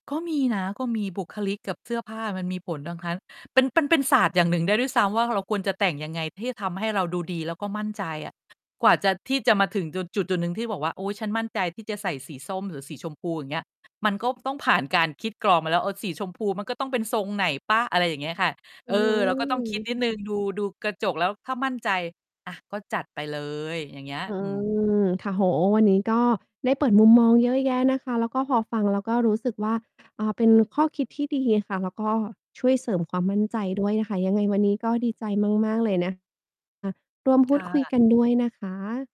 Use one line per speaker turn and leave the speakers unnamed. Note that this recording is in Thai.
ก็มีนะ ก็มีบุคลิกกับเสื้อผ้ามันมีผลทั้งคั้น เป็น ปันเป็นศาสตร์อย่างหนึ่งได้ด้วยซ้ำว่า เราควรจะแต่งยังไงที่จะทำให้เราดูดี แล้วก็มั่นใจอะ กว่าจะ ที่จะมาถึงจุด จุดจุดหนึ่งที่บอกว่า โอ๊ย ฉันมั่นใจที่จะใส่สีส้มหรือสีชมพู อย่างเงี้ย มันก็ต้องผ่านการคิดกรองมาแล้ว เออ สีชมพูมันก็ต้องเป็นทรงไหนเปล่า? อะไรอย่างเงี้ยค่ะ เ
อ
อ
ื้
อ
อฮื
เราก็ต้องคิ
อ
ดนิ
ค
ด
่ะ
หนึ่ง ดู ดูกระจกแล้วถ้ามั่นใจ อ่า ก็จัดไปเลย อย่างเงี้ย
อื
อืม
ม ค่ะ โอ้โฮ วันนี้ก็ได้เปิดมุมมองเยอะแยะนะคะ แล้วก็พอฟังแล้วก็รู้สึกว่า อ่า เป็นข้อคิดที่ดีค่ะ แล้วก็ช่วยเสริมความมั่นใจด้วยค่ะ ยังไงวันนี้ก็ดีใจมาก ๆ เลยนะ อ่า ร่วมพ
ค
ู
่
ดคุย
ะ
กันด้วยนะคะ